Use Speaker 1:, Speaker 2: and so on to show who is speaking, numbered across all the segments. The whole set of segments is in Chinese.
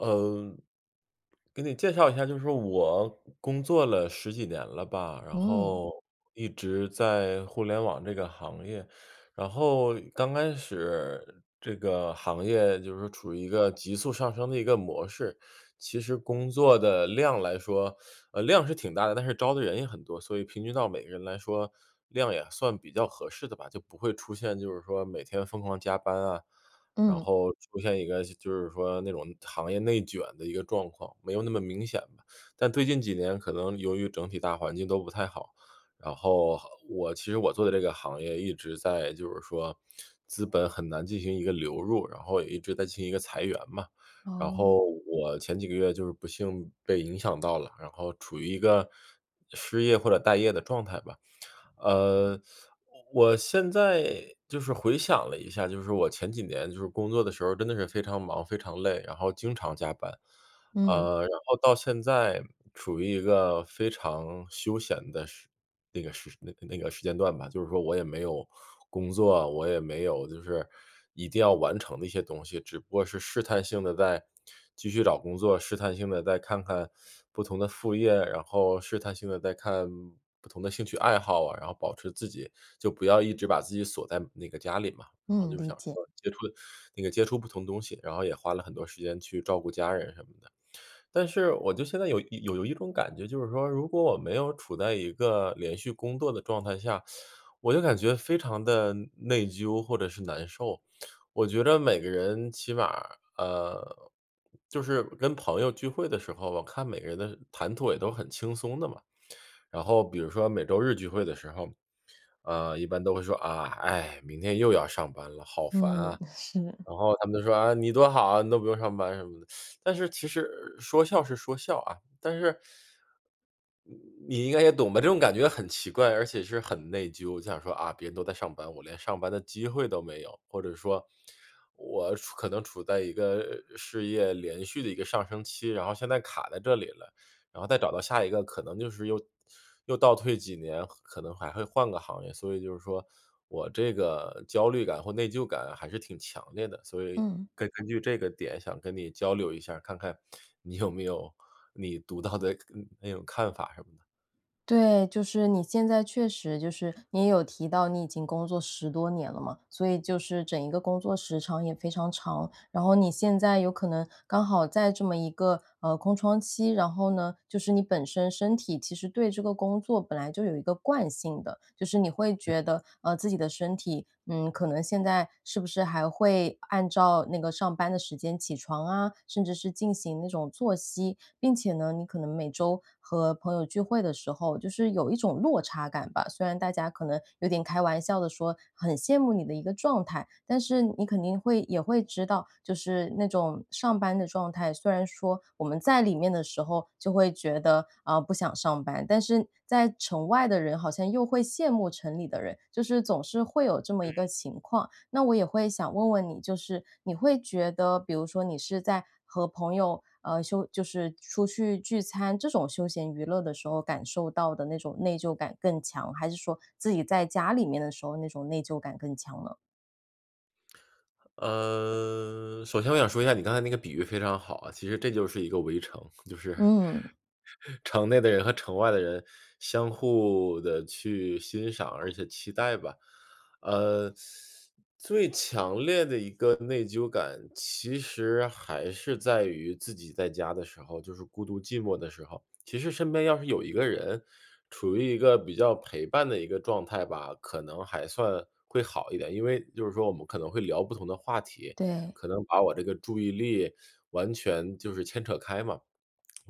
Speaker 1: 呃，给你介绍一下，就是我，工作了10几年了吧，然
Speaker 2: 嗯。
Speaker 1: 后一直在互联网这个行业。然后刚开始这个行业就是处于一个急速上升的一个模式，其实工作的量来说，呃，量是挺大的，但是招的人也很多，所以平均到每个人来说，量也算比较合适的吧。就不会出现就是说每天疯狂加班啊，然
Speaker 2: 嗯。
Speaker 1: 后出现一个就是说那种行业内卷的一个状况，没有那么明显吧。但最近几年可能由于整体大环境都不太好，然后行我其实我做的这个行业一直在就是说资本很难进行一个流入，然后也一直在进行一个裁员嘛。然
Speaker 2: 哦。
Speaker 1: 后我前几个月就是不幸被影响到了，然后处于一个失业或者待业的状态吧。呃，我现在就是回想了一下，就是我前几年就是工作的时候真的是非常忙、非常累，然后经常加班。
Speaker 2: 嗯。
Speaker 1: 啊，然后到现在处于一个非常休闲的时那个时那个那个时间段吧，就是说我也没有工作，我也没有就是，一定要完成的一些东西，只不过是试探性地在继续找工作、试探性地在看看不同的副业，然后试探性地在看不同的兴趣爱好啊，然后保持自己，就不要一直把自己锁在那个家里嘛。然后
Speaker 2: 嗯，
Speaker 1: 就
Speaker 2: 理
Speaker 1: 想
Speaker 2: 解。
Speaker 1: 说接触那个接触不同的东西，然后也花了很多时间去照顾家人什么的。但是我就现在有一有有一种感觉，就是说，如果我没有处在一个连续工作的状态下，我就感觉非常地内疚或者是难受。我觉着每个人起码，呃就是跟朋友聚会的时候，我看每个人的谈吐也都很轻松的嘛。然后比如说每周日聚会的时候，呃，一般都会说：“啊，唉，明天又要上班了，好烦
Speaker 2: 嗯，
Speaker 1: 啊。”
Speaker 2: 是。
Speaker 1: 然后他们就说：“啊，你多好啊，你都不用上班什么的。” 但是其实说笑是说笑啊，但是你应该也懂吧，这种感觉很奇怪，而且是很内疚。我就想说：“啊，别人都在上班，我连上班的机会都没有”，或者说：“我处可能处在一个呃，事业连续的一个上升期，然后现在卡在这里了，然后再找到下一个可能就是又又倒退几年可可能还会换个行业。”所以就是说我这个焦虑感或内疚感还是挺强烈的。所以
Speaker 2: 嗯。
Speaker 1: 根根据这个点想跟你交流一下看看，你有没有你独到的嗯，那种看法什么的。
Speaker 2: 对，就是你现在确实就是你也有提到你已经工作10多年了嘛，所以就是整一个工作时长也非常长。然后你现在有可能刚好在这么一个，呃，空窗期，然后呢，就是你本身身体其实对这个工作本来就有一个惯性的。就是你会
Speaker 1: 嗯。
Speaker 2: 觉得，呃，自己的身体，嗯，可能现在是不是还会按照那个上班的时间起床啊，甚至是进行那种作息。并且呢，你可能每周和朋友聚会的时候就是有一种落差感吧，虽然大家可能有点开玩笑地说很羡慕你的一个状态。但是你肯定会也会知道，就是那种上班的状态，虽然说我们在里面的时候就会觉得，啊，不想上班。但是在城外的人好像又会羡慕城里的人，就是总是会有这么一
Speaker 1: 嗯。
Speaker 2: 个情况。那我也会想问问你，就是你会觉得比如说你是在和朋友，呃，休就是出去聚餐，这种休闲娱乐的时候，感受到的那种内疚感更强，还是说自己在家里面的时候，那种内疚感更强呢？
Speaker 1: 呃，首先我想说一下你刚才那个比喻非常好啊，其实这就是一个围城，就是
Speaker 2: 嗯。
Speaker 1: 城内的人和城外的人相互地去欣赏，而且期待吧。呃，最强烈的一个内疚感，其实还是在于自己在家的时候，就是孤独寂寞的时候，其实身边要是有一个人处于一个比较陪伴的一个状态吧，可能还算会好一点，因为就是说我们可能会聊不同的话题，
Speaker 2: 对。
Speaker 1: 可能把我这个注意力完全就是牵扯开嘛。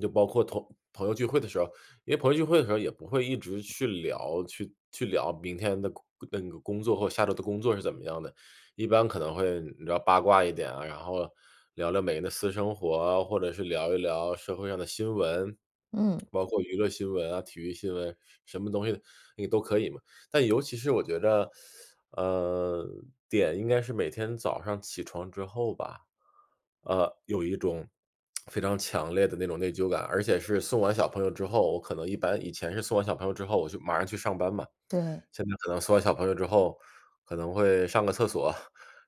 Speaker 1: 就包括同朋友聚会的时候，因为朋友聚会的时候也不会一直去聊去去聊明天的那个工作或下周的工作是怎么样的，一般可能会聊八卦一点啊，然后聊聊每个人的私生活，或者是聊一聊社会上的新闻，
Speaker 2: 嗯。
Speaker 1: 包括娱乐新闻啊，体育新闻，什么东西你都可以嘛，但尤其是我觉着，呃，点应该是每天早上起床之后吧，呃，有一种 非常强烈的那种内疚感，而且是送完小朋友之后，我可能一般以前是送完小朋友之后我就马上去上班嘛，
Speaker 2: 对。
Speaker 1: 现在可能送完小朋友之后，可能会上个厕所，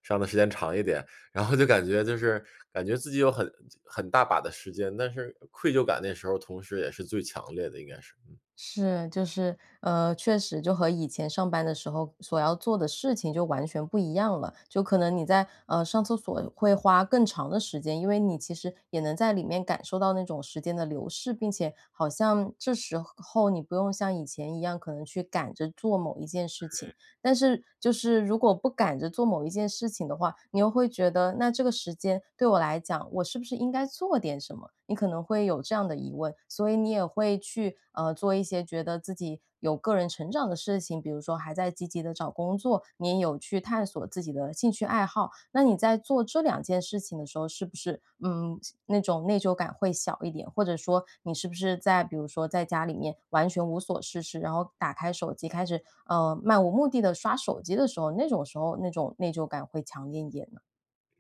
Speaker 1: 上得时间长一点，然后就感觉就是感觉自己有很很大把的时间，但是愧疚感那时候同时也是最强烈的应该是。
Speaker 2: 是，就是，呃，确实就和以前上班的时候所要做的事情就完全不一样了。就可能你在，呃，上厕所会花更长的时间，因为你其实也能在里面感受到那种时间的流逝，并且好像这时候你不用像以前一样，可能去赶着做某一件事情，
Speaker 1: 对。
Speaker 2: 但是就是如果不赶着做某一件事情的话，你又会觉得那这个时间对我来讲，我是不是应该做点什么？你可能会有这样的疑问，所以你也会去，呃，做一些觉得自己有个人成长的事情，比如说还在积极地找工作，你也有去探索自己的兴趣爱好，那你在做这2件事情的时候，是不是，嗯，那种内疚感会小一点？或者说你是不是在比如说在家里面完全无所事事，然后打开手机开始，呃，漫无目地刷手机的时候，那种时候那种内疚感会强烈一点呢？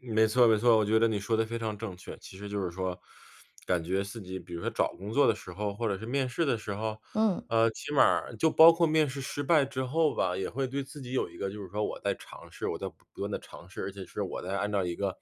Speaker 1: 没错没错，我觉得你说得非常正确。其实就是说 感觉自己，比如说找工作的时候、或者是面试的时候，
Speaker 2: 嗯。
Speaker 1: 呃，起码儿就包括面试失败之后吧，也会对自己有一个就是说：“我在尝试，我在不不断地尝试，而且是我在按照一个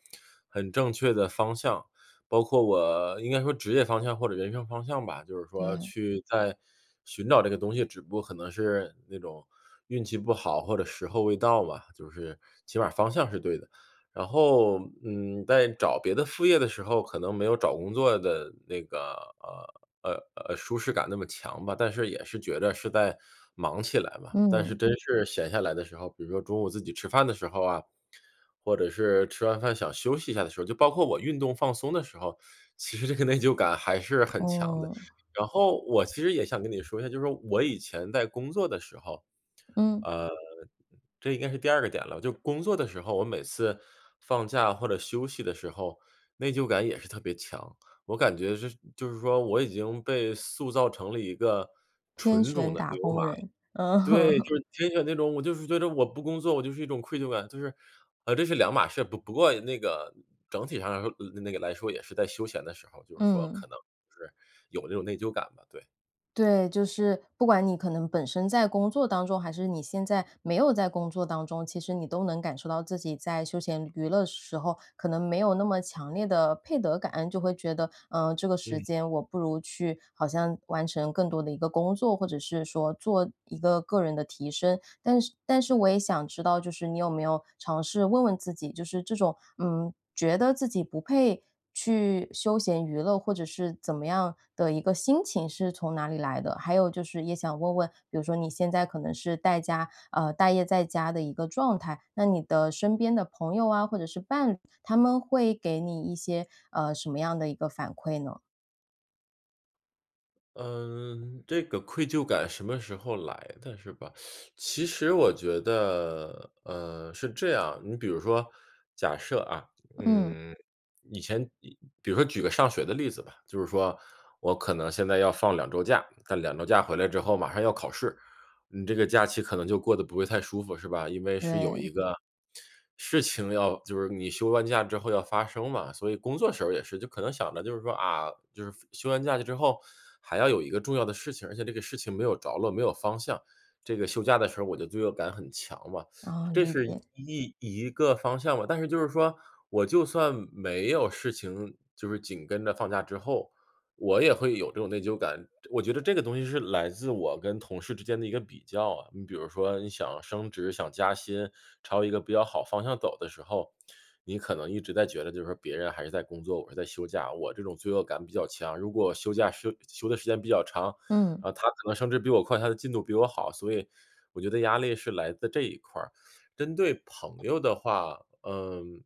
Speaker 1: 很正确的方向包括我应该说职业方向或者人生方向吧，就是说
Speaker 2: 对。
Speaker 1: 去在寻找这个东西，只不过可能是那种运气不好或者时候未到吧，就是起码儿方向是对的。”然后，嗯，在找别的副业的时候，可能没有找工作的那个，呃呃呃，舒适感那么强吧，但是也是觉得是在忙起来嘛。但是
Speaker 2: 嗯。
Speaker 1: 真是闲下来的时候，比如说中午自己吃饭的时候啊、或者是吃完饭想休息一下的时候，就包括我运动放松的时候，其实这个内疚感还是很强的。
Speaker 2: 嗯。
Speaker 1: 然后我其实也想跟你说一下，就是说我以前在工作的时候
Speaker 2: 嗯。
Speaker 1: 呃，这应该是第二个点了，就工作的时候，我每次放假或者休息的时候，内疚感也是特别强，我感觉就是就是说我已经被塑造成了一个
Speaker 2: 天
Speaker 1: 纯种
Speaker 2: 选
Speaker 1: 的
Speaker 2: 打
Speaker 1: 牛马。
Speaker 2: 工人。嗯。
Speaker 1: 对，就是天选那种，我就是觉着我不工作我就是一种愧疚感，就是呃，这是两码事，不不过那个整体上来说呃，那个来说也是在休闲的时候，就是说可
Speaker 2: 嗯。
Speaker 1: 能就是有这种内疚感吧，对。
Speaker 2: 对，就是不管你可能本身在工作当中，还是你现在没有在工作当中，其实你都能感受到自己在休闲娱乐时候，可能没有那么强烈的配得感。就会觉得，呃，这个时
Speaker 1: 嗯。
Speaker 2: 间我不如去好像完成更多的一个工作，或者是说做一个个人的提升。但是但是我也想知道就是你有没有尝试问问自己，就是这种，嗯，觉得自己不配去休闲娱乐，或者是怎么样的一个心情是从哪里来的？还有就是也想问问，比如说你现在可能是待家呃，待业在家的一个状态，那你的身边的朋友啊或者是伴侣，他们会给你一些，呃，什么样的一个反馈呢？
Speaker 1: 嗯，这个愧疚感什么时候来的是吧？其实我觉得，呃，是这样，你比如说假设啊，
Speaker 2: 嗯。
Speaker 1: 嗯，以前以比如说举个上学的例子吧，就是说我可能现在要放2周假，但2周假回来之后马上要考试，你这个假期可能就过得不会太舒服，是吧？因为是有一
Speaker 2: 对。
Speaker 1: 个事情要就是你休完假之后要发生嘛。所以工作时候也是，就可能想着就是说：“啊，就是放休完假期之后还要有一个重要的事情，而且这个事情没有着落、没有方向。“这个休假的时候我就罪恶感很强嘛，
Speaker 2: 哦，
Speaker 1: 这
Speaker 2: 理
Speaker 1: 是
Speaker 2: 解。
Speaker 1: 一一个方向嘛。但是就是说我就算没有事情，就是紧跟着放假之后，我也会有这种内疚感。这我觉得这个东西是来自我跟同事之间的一个比较啊，你比如说你想升职、想加薪，朝一个比较好方向走的时候，你可能一直在觉得就是说别人还是在工作，我是在休假，我这种罪恶感比较强。如果休假休休的时间比较长，
Speaker 2: 嗯。
Speaker 1: 啊，他可能升职比我快，他的进度比我好，所以我觉得压力是来自这一块儿。针对朋友的话，嗯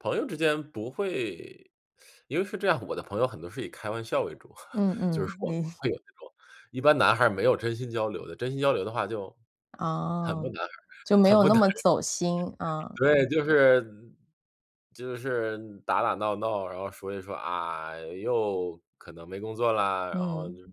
Speaker 1: 朋友之间不会 因为是这样，我的朋友很多是以开玩笑为主，
Speaker 2: 嗯
Speaker 1: 就是
Speaker 2: 嗯，
Speaker 1: 说不
Speaker 2: 你
Speaker 1: 会有这种一般男孩儿没有真心交流的，真心交流的话就很不
Speaker 2: 哦，
Speaker 1: 男孩
Speaker 2: 就没
Speaker 1: 很
Speaker 2: 有
Speaker 1: 不
Speaker 2: 那
Speaker 1: 男
Speaker 2: 么
Speaker 1: 人。
Speaker 2: 走心，啊。
Speaker 1: 对，就是就是打打闹闹，然后说一说：“啊，又可能没工作啦”，然后就
Speaker 2: 嗯。
Speaker 1: 是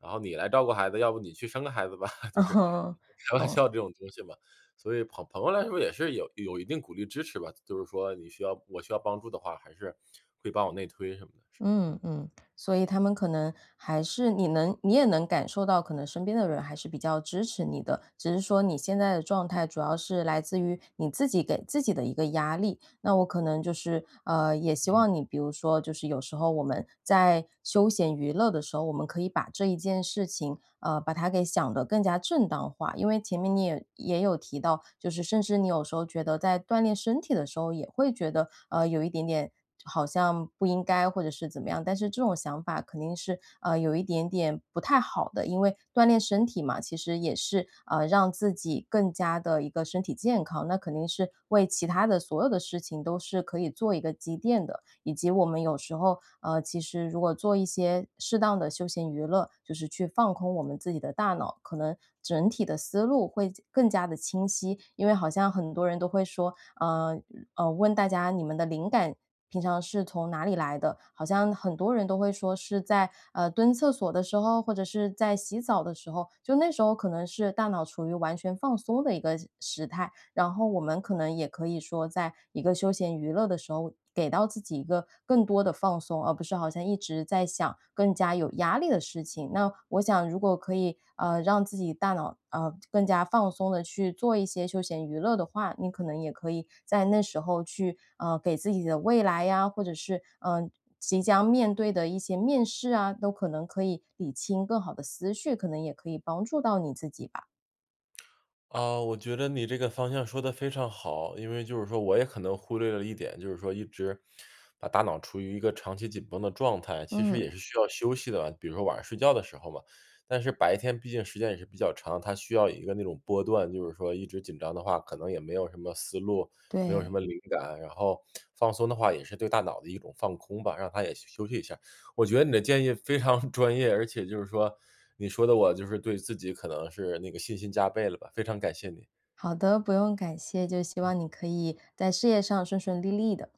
Speaker 1: 然后：“你来照顾孩子，要不你去生个孩子吧。” 就
Speaker 2: 嗯
Speaker 1: 是
Speaker 2: 哼，
Speaker 1: 就开玩
Speaker 2: 嗯。
Speaker 1: 笑这种东西吧。所以朋朋友来说也是有有一定鼓励支持吧，就是说你需要我需要帮助的话，还是会帮我内推什么的，嗯。
Speaker 2: 嗯嗯，所以他们可能还是你能你也能感受到可能身边的人还是比较支持你的，只是说你现在的状态主要是来自于你自己给自己的一个压力。那我可能就是，呃，也希
Speaker 1: 嗯。
Speaker 2: 望你比如说就是有时候我们在休闲娱乐的时候，我们可以把这一件事情，呃，把它给想得更加正当化。因为前面你也也有提到，就是甚至你有时候觉得在锻炼身体的时候也会觉得，呃，有一点点好像不应该或者是怎么样。但是这种想法肯定是，啊，有一点点不太好的，因为锻炼身体嘛，其实也是，啊，让自己更加地一个身体健康，那肯定是为其它的所有的事情都是可以做一个积淀的。以及我们有时候，呃，其实如果做一些适当的休闲娱乐，就是去放空我们自己的大脑，可能整体的思路会加更加地清晰。因为好像很多人都会说，嗯呃，问大家：“你们的灵感平常是从哪里来的？”好像很多人都会说是在，呃，蹲厕所的时候，或者是在洗澡的时候，就那时候可能是大脑处于完全放松的一个时时态。然后我们可能也可以说在一个休闲娱乐的时候，给到自己一个更多的放松，而不是好像一直在想更加有压力的事情。那我想如果可以，呃，让自己大脑，呃，更加放松地去做一些休闲娱乐的话，你可能也可以在那时候去，呃，给自己的未来啊，或者是，嗯即将面对的一些面试啊，都可能可以理清更好的思绪，可能也可以帮助到你自己吧。
Speaker 1: 啊，我觉得你这个方向说得非常好。因为就是说我也可能忽略了一点，就是说一直把大脑处于一个长期紧绷的状态，其实
Speaker 2: 嗯。
Speaker 1: 也是需要休息的。比如说晚上睡觉的时候嘛，但是白天毕竟时间也是比较长，它需要一个那种波段，就是说一直紧张的话，可能也没有什么思路，没有什
Speaker 2: 对。
Speaker 1: 么灵感，然后放松的话也是对大脑的一种放空吧，让它也去休息一下。我觉得你的建议非常专业，而且就是说你说得我就是对自己可能是那个信心加倍了吧，非常感谢你。
Speaker 2: 好的，不用感谢，就希望你可以在事业上顺顺利利的。